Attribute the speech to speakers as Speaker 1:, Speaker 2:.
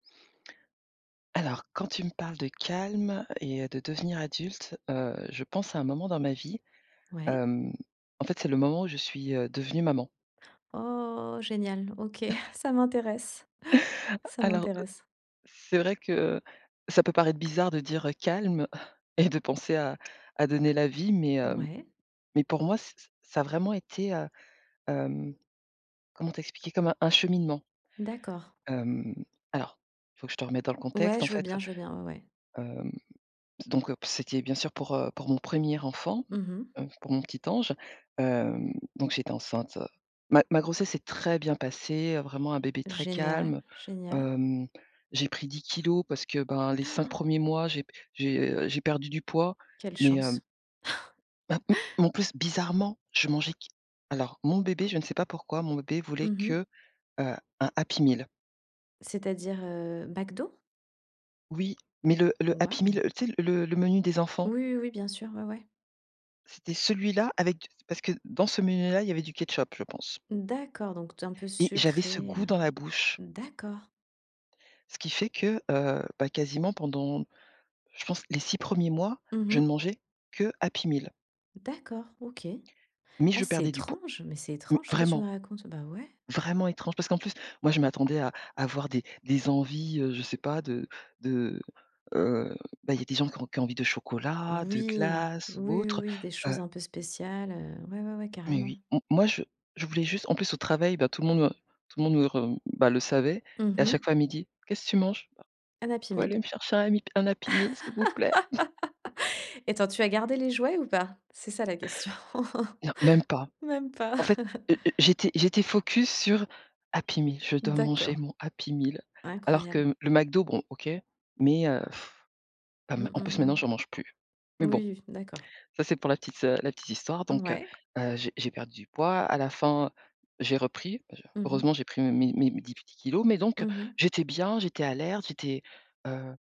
Speaker 1: Alors quand tu me parles de calme et heu, de devenir adulte, heu, je pense à un moment dans ma vie,
Speaker 2: Ouais.
Speaker 1: hem, en fait c'est le moment où je suis, heu, devenue maman.
Speaker 2: Oh, génial! OK, ça m'intéresse. Ça
Speaker 1: Alors, heu,
Speaker 2: m'intéresse.
Speaker 1: c'est vrai que ça peut paraître bizarre de dire: «Calme» et de penser à à donner la vie mais heu
Speaker 2: Ouais.
Speaker 1: mais pour moi ç ç ça a vraiment été, heu, hem, comment t'expliquer? Comme un un cheminement.
Speaker 2: D'accord.
Speaker 1: Hem, alors, il faut que je te remette dans le
Speaker 2: Ouais,
Speaker 1: contexte, en
Speaker 2: je veux
Speaker 1: fait,
Speaker 2: bien, je veux bien. Ouais, ouais.
Speaker 1: hem donc c'était bien sûr pour, heu, pour mon 1er enfant,
Speaker 2: Mmh mh.
Speaker 1: heu, pour mon petit ange, heu donc j'étais enceinte. Ma ma grossesse s'est très bien passée, vraiment un bébé très
Speaker 2: Génial,
Speaker 1: calme.
Speaker 2: génial.
Speaker 1: Hem, j'ai pris 10 kilogrammes parce que ben, les cinq premiers mois, j'ai p j'ai j'ai perdu du poids,
Speaker 2: Quelle
Speaker 1: mais hem
Speaker 2: chance.
Speaker 1: Ben, m en plus bizarrement, je mangeais qu alors, mon bébé, je ne sais pas pourquoi, mon bébé voulait
Speaker 2: Mmh mh.
Speaker 1: que, heu, un Happy Meal.
Speaker 2: C'est à dire, heu, McDo?
Speaker 1: Oui mais le le Happy
Speaker 2: Waouh.
Speaker 1: Meal le tu sais, le le menu des
Speaker 2: Oui,
Speaker 1: enfants?
Speaker 2: oui, oui bien sûr. Ouais, ouais.
Speaker 1: C'était celui-là avec d parce que dans ce menu là, il y avait du ketchup, je pense.
Speaker 2: D'accord, donc t un peu
Speaker 1: Et j'avais ce
Speaker 2: sucré,
Speaker 1: goût
Speaker 2: heu,
Speaker 1: dans la bouche.
Speaker 2: d'accord.
Speaker 1: Ce qui fait que, heu, bah quasiment pendant je pense, les 6 1ers mois,
Speaker 2: Mmh
Speaker 1: je ne
Speaker 2: mh.
Speaker 1: mangeais que Happy Meal.
Speaker 2: D'accord, OK.
Speaker 1: Mais
Speaker 2: Ah
Speaker 1: je
Speaker 2: c'est
Speaker 1: perdais du poids.
Speaker 2: étrange, mais c'est
Speaker 1: Mais,
Speaker 2: étrange ce que tu me
Speaker 1: vraiment.
Speaker 2: racontes. Bah ouais.
Speaker 1: Vraiment étrange, parce qu'en plus, moi je m'attendais à à avoir des des envies, heu, je sais pas, de de, heu ben, il y a des gens qui qui ont envie de chocolat, de
Speaker 2: Oui.
Speaker 1: glace ou
Speaker 2: Oui, oui,
Speaker 1: autre.
Speaker 2: oui, des
Speaker 1: Heu
Speaker 2: choses un peu spéciales, heu, ouais, ouais, ouais
Speaker 1: Mais
Speaker 2: carrément.
Speaker 1: oui, m moi je je voulais juste en plus au travail, bah tout le monde me tout le monde me re bah le savait,
Speaker 2: Mmh
Speaker 1: et à
Speaker 2: mh.
Speaker 1: chaque fois à midi: «Qu'est ce que tu manges?»
Speaker 2: Un Happy
Speaker 1: «Pouvez
Speaker 2: Meal.
Speaker 1: aller me chercher un amip un Happy Meal, s'il vous plaît?».
Speaker 2: Attends, tu as gardé les jouets ou pas? C'est ça la question.
Speaker 1: Non, même pas.
Speaker 2: Même pas!
Speaker 1: En fait, heu heu, j'étais j'étais focus sur Happy Meal, je dois manger
Speaker 2: D'accord,
Speaker 1: mon Happy Meal, alors
Speaker 2: incroyable.
Speaker 1: que le McDo, bon OK, mais heu,
Speaker 2: Mmh,
Speaker 1: hem, en plus
Speaker 2: mmh
Speaker 1: maintenant
Speaker 2: mh.
Speaker 1: j'en mange plus. Mais
Speaker 2: Moui,
Speaker 1: bon,
Speaker 2: oui, d'accord.
Speaker 1: ça c'est pour la petite, heu, la petite histoire. Donc heu
Speaker 2: Ouais.
Speaker 1: heu, j'ai j'ai perdu du poids, à la fin j'ai repris, je
Speaker 2: Mmh mh.
Speaker 1: heureusement j'ai pris mes mes mes 10 petits kilogrammes, mais donc
Speaker 2: Mmh mh.
Speaker 1: j'étais bien, j'étais alerte, j'étais, heu